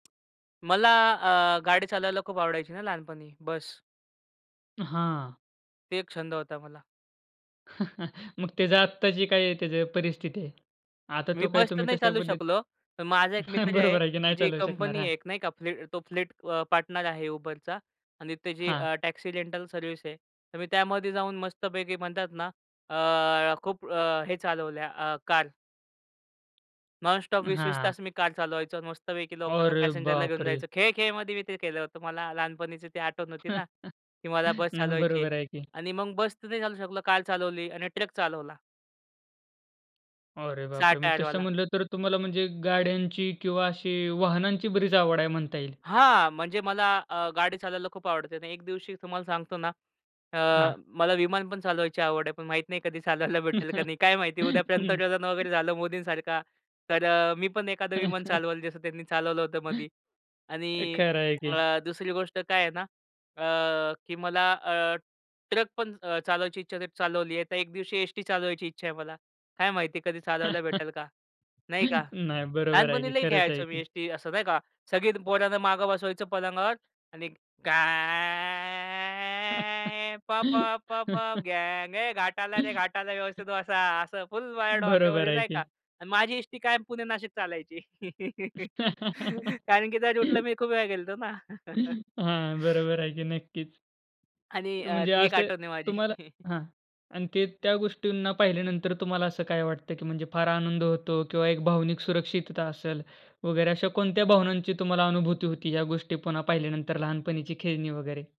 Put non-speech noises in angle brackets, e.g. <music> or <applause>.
मला अ, गाडी चालवायला खूप आवडायची ना लहानपणी, बस. हां. ते एक छंद होता मला. <chuckles> मग त्याच आत्ताची काय त्याच परिस्थिती आहे? आता मी तो काय बस तर तुम्ही नाही तशा चालू शकलो. पद्धती पण माझा एक मित्र <chuckles> आहे, बरोबर आहे की नाही त्याची एक चालवू शकणार, कंपनी हां. आहे, एक नाही का फ्लीट तो फ्लीट अ, पार्टनर आहे Uber चा आणि त्याची हां. अ, टॅक्सी रेंटल सर्व्हिस आहे, तर मी त्यामध्ये जाऊन मस्तपैकी, म्हणतात ना, अ, खूप अ, हे चालवल्या अ, कार. नॉन-स्टॉप 20:00-20:00 हां. तास मी कार चालवायचो. मस्त पैकी लोकांना, अरे पॅसेंजरला घेऊन बापरे! जायचो. खेळ-खेळमध्ये मी ते केलं होतं. मला लहानपणीची ती आठवण होती ना <laughs> की मला बस नाही चालवायची आहे. बरोबर आहे की. आणि मग बस नाही चालवू शकलो, कार चालवली आणि ट्रक चालवला. अरे 6 बापरे! म्हणजे टायर तसं वाला. म्हंटल, तर तुम्हाला म्हणजे गाड्यांची किंवा अशी वाहनांची बरीच आवड आहे, म्हणता येईल. हां, म्हणजे मला अ, गाडी चालवायला खूप आवडते. आणि एक दिवशी, तुम्हाला सांगतो ना, अ, हां. मला विमान पण चालवायची आवड आहे, पण माहीत नाही, कधी चालवायला भेटेल का <chuckles> नाही, काय माहिती? उद्यापर्यंत हं. <unintelligible> वगैरे झालं मोदींसारखा, तर मी पण एखादं विमान <chuckles> चालवलं, जसं त्यांनी चालवलं होतं मधी. हे आणि खर आहे अ, की. दुसरी गोष्ट काय आहे ना? अ, की मला अ, ट्रक पण अ, चालवायची इच्छा होते, चालवली आहे. तर एक दिवशी एसटी चालवायची इच्छा आहे मला, काय माहिती कधी चालवायला भेटेल का? <chuckles> नाही का? नाही बरोबर आहे लहानपणी की लयी खरंच आहे खेळायचो मी की. एसटी, असं नाही का? सगळी पोरांना मागे बसवायचं पलंगावर आणि घाय प प प पप <laughs> गांग ए घाट आला रे, घाट आला रे, व्यवस्थित बसा, असं फुल वर बरोबर डोक्यावर आहे नाही का? की. माझी एसटी कायम पुणे नाशिक चालायची. <chuckles> कारण, की त्या रुटला <laughs> मी खूप वेळा गेलतो ना. <chuckles> हां, <chuckles> बरोबर आहे की नक्कीच. आणि अ, म्हणजे ती एक असं, आठवण आहे माझी. तुम्हाला <chuckles> हां. आणि ते त्या गोष्टींना पाहिल्यानंतर, तुम्हाला असं काय वाटत? की म्हणजे फार आनंद होतो किंवा एक भावनिक सुरक्षितता असेल, वगैरे. अशा कोणत्या भावनांची तुम्हाला अनुभूती होती, या गोष्टी पुन्हा पाहिल्यानंतर, लहानपणीची खेळणी वगैरे?